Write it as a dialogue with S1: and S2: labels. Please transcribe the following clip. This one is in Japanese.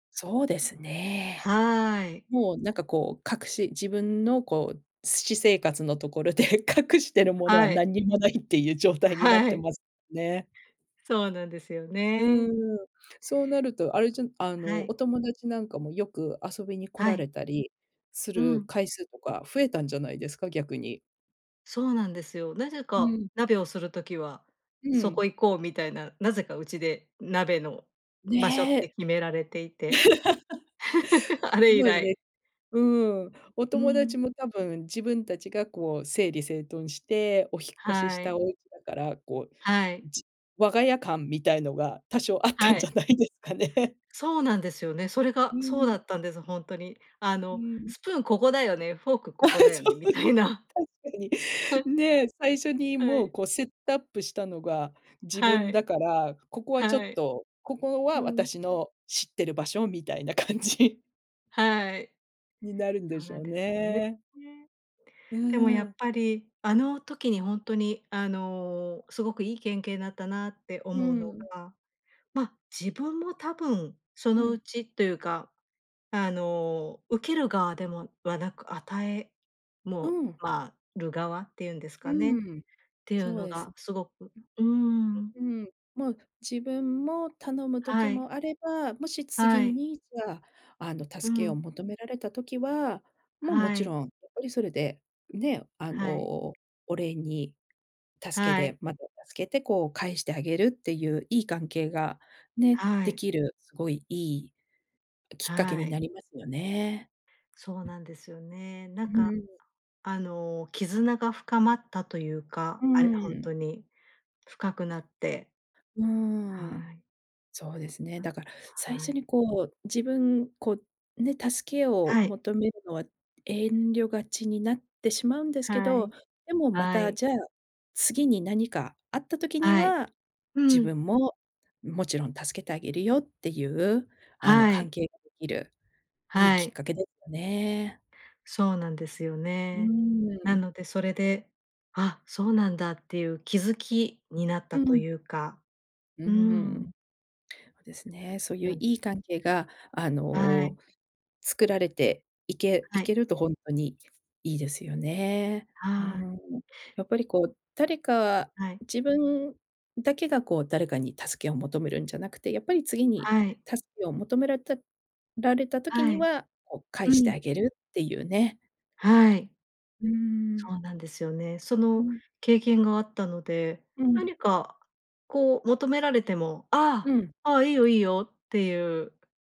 S1: そうですね。
S2: はい。
S1: もうなんかこう隠し自分のこうす私生活のところで隠してるものは
S2: はい。
S1: 何にもないっていう状態になっ
S2: は
S1: て
S2: い。
S1: ますね。
S2: そうなんですよ
S1: うー
S2: ね。
S1: ん、そうなるとあれじゃんあ
S2: は
S1: の、
S2: い。
S1: お友達なんかもよく遊びに来
S2: は
S1: ら
S2: い。
S1: れたりす
S2: う
S1: る
S2: ん。
S1: 回数とか増えたんじゃないですか、逆に。
S2: そうなんですよ。なぜ
S1: う
S2: か
S1: ん。
S2: 鍋をする時は、
S1: う
S2: そ
S1: ん。
S2: こ行こうみたいな、なぜかうちで鍋の場所って
S1: ね。
S2: 決められていて、あれ
S1: そ
S2: 以
S1: うです
S2: 来。
S1: ね。うーん。お
S2: う
S1: 友達
S2: ん。
S1: も多分、自分たちがこう整理整頓してお引っ越しし
S2: は
S1: たお
S2: い。
S1: 家だから、こう、
S2: はい。
S1: じ我が家感みたいのが多少あっ
S2: は
S1: たんじ
S2: い。
S1: ゃないですかね。
S2: そうなんですよね、それ
S1: う
S2: がそう
S1: ー
S2: だ
S1: ん。
S2: ったんです、ほんとに。あ
S1: う
S2: の、
S1: ん。
S2: スプーンここだよね、フォークこ
S1: あ、そ
S2: こだよね、
S1: う。
S2: み
S1: 確
S2: たいな。
S1: かに、
S2: はい。
S1: ね、最初に
S2: は
S1: もう、
S2: い。
S1: こうセットアップしたのが自
S2: は
S1: 分
S2: い。
S1: だから、ここはちょ
S2: は
S1: っ
S2: い。
S1: とここ
S2: う
S1: は
S2: ん。
S1: 私の知ってる場所みたいな感じ
S2: はい。
S1: になるんで
S2: そう
S1: し
S2: な
S1: ょ
S2: ん
S1: う
S2: ですよね。
S1: ね。
S2: ね。
S1: う
S2: でもやっ
S1: ん。
S2: ぱり、あの時にほんとに、あの、すごくいい、けんけいだったなって
S1: う
S2: 思うの
S1: ん。
S2: が、ま、自分も多分そ
S1: う
S2: のう
S1: ん。
S2: ちというか、あの、受ける側でもはなく、与え
S1: う
S2: も
S1: ん。
S2: まある側っていうんです
S1: う
S2: かねっ
S1: ん、
S2: ていう
S1: そう
S2: の
S1: です。
S2: がすごくうーん。
S1: うん。もう自分も頼む時
S2: はい。
S1: もあれば、もし次
S2: はい。
S1: にじゃあ、あの、
S2: う
S1: 助けを
S2: ん。
S1: 求められた時は、もう、も
S2: は
S1: ち
S2: い。
S1: ろんやっぱりそれで、ね、あの、
S2: はい。
S1: お礼に助け
S2: はい。
S1: でまた助けて、こう返してあげるっていういい関係が、ね、
S2: は
S1: で
S2: い。
S1: きる、すごいいいきっかけ
S2: は
S1: にな
S2: い。
S1: りますよね。
S2: そうなんですよね。なん
S1: う
S2: か
S1: ーん。
S2: あの、絆が深まったという
S1: う
S2: か、
S1: ー
S2: あれほん
S1: ん。
S2: とに、深くなって。
S1: うーん。
S2: はい。
S1: そうですね。
S2: あ、
S1: だから、最
S2: は
S1: 初
S2: い。
S1: にこう、自分こう、ね、助けを
S2: はい。
S1: 求めるのは遠慮がちになってしまうんですけ
S2: はい、
S1: ど、でもま
S2: は
S1: た、
S2: い。
S1: じゃあ、次に何かあった時に
S2: はい。
S1: は、
S2: う
S1: 自
S2: ん。
S1: 分も、もちろん助けてあげるよっていう、あの
S2: は
S1: 関
S2: い。
S1: 係ができる、いい
S2: は
S1: きっ
S2: い。
S1: かけですよね。
S2: そうなんですよ
S1: う
S2: ね。
S1: ー
S2: な
S1: ん。
S2: のでそれで、あ、そうなんだっていう気づきになった
S1: う
S2: と
S1: ん。
S2: いうか、
S1: うー
S2: うー
S1: ん。
S2: ん。
S1: ですね。そういう
S2: うん。
S1: いい関係が、あ
S2: はい。
S1: の、作られていけ
S2: は
S1: い
S2: い。
S1: けるとほんとにいいですよね。うー
S2: はい。
S1: ん。やっぱりこう、誰か
S2: はい。
S1: 自分だけがこう誰かに助けを求めるんじゃなくて、やっぱり次に
S2: はい。
S1: 助けを求められたられた時
S2: は
S1: に
S2: い。
S1: は、こう返
S2: う
S1: してあ
S2: ん。
S1: げるっていうね。
S2: はい。
S1: うー
S2: そ
S1: ん。
S2: うなんですよね。そ
S1: う
S2: の
S1: ん。
S2: 経験があったので、
S1: うん。
S2: 何かこう求められても
S1: う
S2: 「あ
S1: ん。
S2: あ、ああ、いいよいいよ」っていう。